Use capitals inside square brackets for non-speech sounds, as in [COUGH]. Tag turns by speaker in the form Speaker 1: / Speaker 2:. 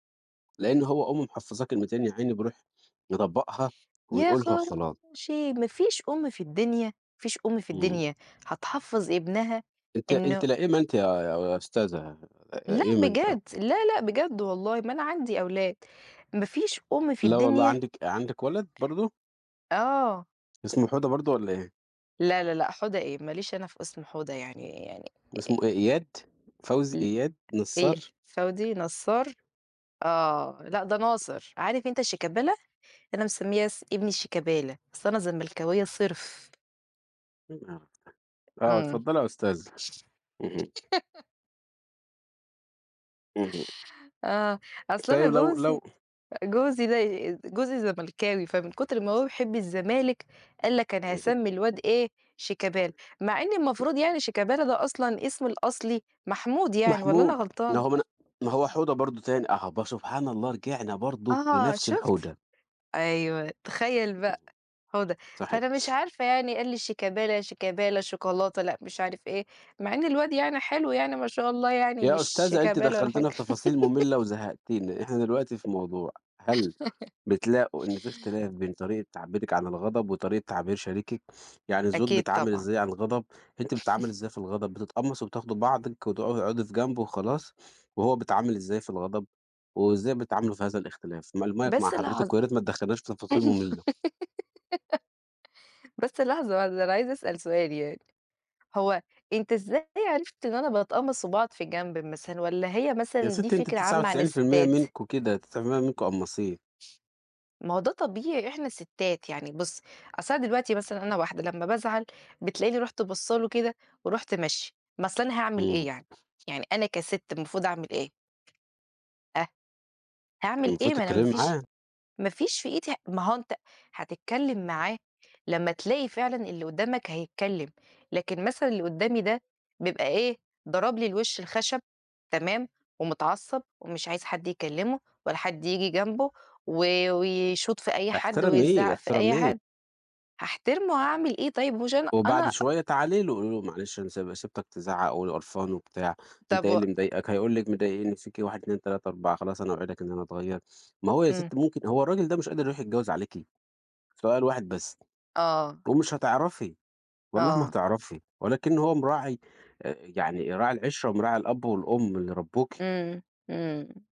Speaker 1: لأن هو أمه محفظاه كلمتين يا عيني بيروح مطبّقها
Speaker 2: يا
Speaker 1: ويقولها وخلاص.
Speaker 2: خراشي! ما فيش أم في الدنيا، ما فيش أم في
Speaker 1: إمم.
Speaker 2: الدنيا هتحفّظ ابنها
Speaker 1: أنتِ
Speaker 2: إنه
Speaker 1: أنتِ لئيمة أنتِ يا يا أستاذة،
Speaker 2: لا
Speaker 1: لئيمة أنتِ أوي.
Speaker 2: بجد، لا، لا، بجد والله ما أنا عندي أولاد، مفيش أم في
Speaker 1: لا والله
Speaker 2: الدنيا
Speaker 1: عندِك عندِك ولد برضو؟
Speaker 2: أح آه.
Speaker 1: اسمه حودة برضو والّا إيه؟
Speaker 2: لا، لا، لا، حودة إيه! ما ليش أنا في اسم حودة يعني يعني
Speaker 1: اسمه
Speaker 2: آآ
Speaker 1: إيه، إياد، فوزي،
Speaker 2: ال
Speaker 1: إياد،
Speaker 2: إيه،
Speaker 1: نصّار؟
Speaker 2: فوزي نصّار، آه، لأ ده ناصر، عارف أنت شيكابالا؟ أنا مسمّيّة س ابني شيكابالا، أصل أنا زملكاوية صِرف.
Speaker 1: إيه القرف ده! آه،
Speaker 2: إمم.
Speaker 1: اتفضلي يا أستاذة، اهم.
Speaker 2: [LAUGHS]
Speaker 1: اهم.
Speaker 2: آه، أصل أنا
Speaker 1: طيب لو لو
Speaker 2: جوزي جوزي دي جوزي زملكاوي، فمن كُتر ما هو بيحب الزمالك قال لك أنا
Speaker 1: اهم.
Speaker 2: هاسمّي الواد إيه شيكابالا، مع إن
Speaker 1: [UNINTELLIGIBLE]
Speaker 2: المفروض يعني شيكابالا ده أصلًا اسم الأصلي محمود يعني، والّا أنا
Speaker 1: محمود، ما
Speaker 2: غلطانة؟
Speaker 1: هو من ما هو حوده برضو تاني، أها ب سبحان الله رجعنا برضو
Speaker 2: آه
Speaker 1: لنَفس الحودة.
Speaker 2: شُفت،
Speaker 1: امم،
Speaker 2: أيوه تخيل بقى، حودة،
Speaker 1: صحيح.
Speaker 2: فأنا مش عارفة
Speaker 1: [SNIFFS]
Speaker 2: يعني، قال لي شيكابالا، شيكابالا، شوكولاتة، لأ مش عارف إيه، مع إن الواد يعني حلو يعني ما شاء الله يعني،
Speaker 1: يا
Speaker 2: مش
Speaker 1: أستاذة أنتِ
Speaker 2: شيكابالا ولا حاجة.
Speaker 1: دخّلتينا في تفاصيل مملة
Speaker 2: [GIGGLES]
Speaker 1: وزهّقتينا، إحنا دلوقتي في موضوع، هل
Speaker 2: [LAUGHS]
Speaker 1: بتلاقوا إن في اختلاف بين طريقة تعبيرِك عن الغضب وطريقة تعبير شريكِك، يعني الزوج
Speaker 2: أكيد
Speaker 1: بيتعامل
Speaker 2: طبعًا.
Speaker 1: إزاي عن الغضب، أنتِ بتتعاملي إزاي في الغضب،
Speaker 2: [CHUCKLES]
Speaker 1: بتتقمصي وبتاخدي بعضِك وت وتقعدي في جنب وخلاص، وهو بيتعامل إزاي في الغضب، وإزاي بتتعاملوا في هذا الاختلاف؟ ما المايك مع
Speaker 2: بس
Speaker 1: حضرتِك،
Speaker 2: لحظة
Speaker 1: وياريت ما تدخليناش في تفاصيل مملة.
Speaker 2: [GIGGLES] بس لحظة واحدة أنا عايزة أسأل سؤال يعني، هو أنت إزاي عرفت إن أنا باتقمَص وباقعد في جنب مثلًا، والّا هي مثلًا دي
Speaker 1: ياستي أنتِ
Speaker 2: فكرة
Speaker 1: تسعة
Speaker 2: عامة عن
Speaker 1: وتسعين في المِيّة
Speaker 2: الستات؟
Speaker 1: منكم كده، 99% منكم قمّاصين.
Speaker 2: ما هو ده طبيعي إحنا ستات يعني بُصّ، أصل أنا دلوقتي مثلًا أنا واحدة لمّا بازعل بتلاقيني رُحت باصَّة له وكده ورُحت ماشية، ما أصل أنا هاعمل إيه
Speaker 1: إمم.
Speaker 2: يعني، يعني أنا كَسِت المفروض أعمل إيه؟ ها؟ هاعمل
Speaker 1: المفروض
Speaker 2: إيه ما أنا
Speaker 1: تتكلمي
Speaker 2: ما فيش
Speaker 1: معاه.
Speaker 2: ما فيش في إيدي ما هو أنت هتتكلم معاه لمّا تلاقي فعلًا اللي قدامك هيتكلم، لكن مثلًا اللي قدامي ده بيبقى إيه ضرب لي الوش الخشب تمام، ومتعصب ومش عايز حد يكلّمه ولا حد ييجي جنبه و ويشوط في أي حد
Speaker 1: احترميه،
Speaker 2: ويزعق في أي
Speaker 1: احترميه.
Speaker 2: حد، هاحترمه هاعمل إيه طيب مهوش أنا
Speaker 1: وبعد
Speaker 2: أنا
Speaker 1: شوية تعالي له قولي له: "معلش أنا سي سِبتك تزعّق ول قرفان وبتاع، أنت
Speaker 2: طب
Speaker 1: إيه
Speaker 2: و
Speaker 1: اللي مضايقك؟" هيقول لك مضايقني فيكِ 1 2 3 4، "خلاص أنا أوعدك إن أنا أتغيّر." ما هو يا
Speaker 2: إمم.
Speaker 1: ستي ممكن هو الراجل ده مش قادر يروح يتجوز عليكِ؟ سؤال واحد بس
Speaker 2: آه.
Speaker 1: ومش هتعرفي، والله ما
Speaker 2: آه.
Speaker 1: هتعرفي، ولكن هو مراعي آآ، يعني راعي العشرة ومراعي الأب والأم اللي ربّوكِ.
Speaker 2: إمم، إمم.